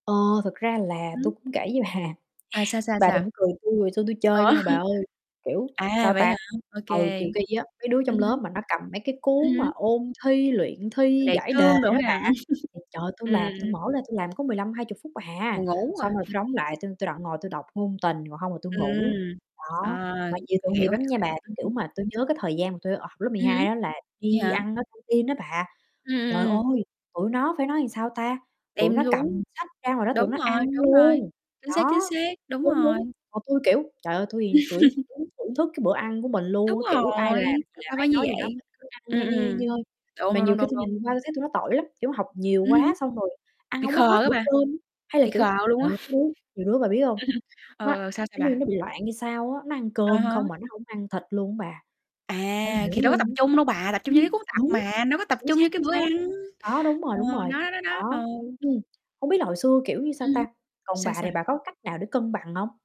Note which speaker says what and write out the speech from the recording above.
Speaker 1: Ờ, thực ra là tui
Speaker 2: Ừm.
Speaker 1: cũng kể với bà,
Speaker 2: À, sao, sao,
Speaker 1: bà đừng
Speaker 2: sao?
Speaker 1: cười tui, hồi xưa tui
Speaker 2: Ủa?
Speaker 1: chơi không bà ơi, kiểu,
Speaker 2: À,
Speaker 1: sao
Speaker 2: vậy
Speaker 1: ta,
Speaker 2: hả? Ô
Speaker 1: ừ,
Speaker 2: kê.
Speaker 1: kiều ki á, mấy đứa
Speaker 2: Ừm
Speaker 1: trong lớp
Speaker 2: hứm.
Speaker 1: mà nó cầm mấy cái
Speaker 2: Ừm
Speaker 1: cuốn mà
Speaker 2: hứm.
Speaker 1: ôn thi, luyện thi
Speaker 2: Đề
Speaker 1: giải đề
Speaker 2: cương đồ
Speaker 1: đó
Speaker 2: ha.
Speaker 1: bà, ừm, trời, tui
Speaker 2: Ừm,
Speaker 1: làm
Speaker 2: ừm.
Speaker 1: tui mở lên tui làm có 15-20 phút à,
Speaker 2: Buồn ngủ rồi.
Speaker 1: xong rồi tui đóng lại tui tui đoạn ngồi tôi đọc ngôn tình, còn hông là tui ngủ.
Speaker 2: Ừm. Ờ,
Speaker 1: Đó, mà nhiều tội nghiệp
Speaker 2: hiểu,
Speaker 1: lắm
Speaker 2: hiểu,
Speaker 1: nha
Speaker 2: hiểu,
Speaker 1: bà,
Speaker 2: ừm
Speaker 1: kiểu
Speaker 2: hứm.
Speaker 1: mà, tui nhớ cái thời gian mà tui, ờ, lớp mười
Speaker 2: Ừm hứm,
Speaker 1: hai á là
Speaker 2: vậy
Speaker 1: đi
Speaker 2: hả?
Speaker 1: ăn ở căng tin á bà,
Speaker 2: Ừm,
Speaker 1: trời
Speaker 2: ừm, ừm.
Speaker 1: ơi, tụi nó phải nói làm sao ta, tụi
Speaker 2: Đem
Speaker 1: nó
Speaker 2: xuống.
Speaker 1: cầm sách ra ngoài đó tụi
Speaker 2: Đúng
Speaker 1: nó
Speaker 2: rồi,
Speaker 1: ăn
Speaker 2: đúng rồi,
Speaker 1: luôn.
Speaker 2: chính xác,
Speaker 1: Đó,
Speaker 2: chính xác, đúng
Speaker 1: đúng,
Speaker 2: rồi.
Speaker 1: đúng, còn tui, kiểu, trời ơi, thui thì tủi cứ thưởng thức cái bữa ăn của mình
Speaker 2: Đúng
Speaker 1: luôn, kiểu ai làm
Speaker 2: rồi,
Speaker 1: gì
Speaker 2: tại
Speaker 1: làm,
Speaker 2: sao phải
Speaker 1: ai
Speaker 2: như
Speaker 1: nói gì
Speaker 2: vậy?
Speaker 1: nói mình cứ ăn
Speaker 2: Ừm,
Speaker 1: nha nha, nhơi
Speaker 2: ừm,
Speaker 1: nhơi.
Speaker 2: đúng,
Speaker 1: Mà
Speaker 2: đúng,
Speaker 1: nhiều
Speaker 2: đúng,
Speaker 1: khi
Speaker 2: đúng,
Speaker 1: tui
Speaker 2: đúng.
Speaker 1: nhìn qua tui thấy tụi nó tội lắm, kiểu, học nhiều
Speaker 2: Ừm hứm.
Speaker 1: quá xong rồi ăn
Speaker 2: Bị
Speaker 1: hông có hết
Speaker 2: khờ á
Speaker 1: bữa
Speaker 2: bà,
Speaker 1: cơm. Hay là,
Speaker 2: bị
Speaker 1: kiểu,
Speaker 2: khờ luôn
Speaker 1: đợt
Speaker 2: á.
Speaker 1: có đứa nhiều đứa bà biết hông,
Speaker 2: Ừm hừm, ờ,
Speaker 1: nó nó
Speaker 2: ờ, sao, sao
Speaker 1: như
Speaker 2: bà?
Speaker 1: nó bị loạn hay sao á, nó ăn
Speaker 2: À
Speaker 1: cơm
Speaker 2: há.
Speaker 1: không mà nó không ăn thịt luôn á bà,
Speaker 2: À,
Speaker 1: hông hiểu
Speaker 2: thì đâu có
Speaker 1: luôn
Speaker 2: tập
Speaker 1: á.
Speaker 2: trung đâu bà, tập trung
Speaker 1: Ưm,
Speaker 2: vô cái cuốn tập
Speaker 1: đúng,
Speaker 2: mà, đâu có tập
Speaker 1: chính
Speaker 2: trung
Speaker 1: xác,
Speaker 2: vô cái
Speaker 1: chính
Speaker 2: bữa
Speaker 1: xác,
Speaker 2: ăn.
Speaker 1: đó, đúng rồi,
Speaker 2: Ờ,
Speaker 1: đúng rồi.
Speaker 2: đó, đó, đó,
Speaker 1: Đó,
Speaker 2: ừ.
Speaker 1: ừm, hông biết là hồi xưa, kiểu như, sao
Speaker 2: Ừm hứm.
Speaker 1: ta còn
Speaker 2: Sao,
Speaker 1: bà thì
Speaker 2: sao?
Speaker 1: bà có cách nào để cân bằng hông?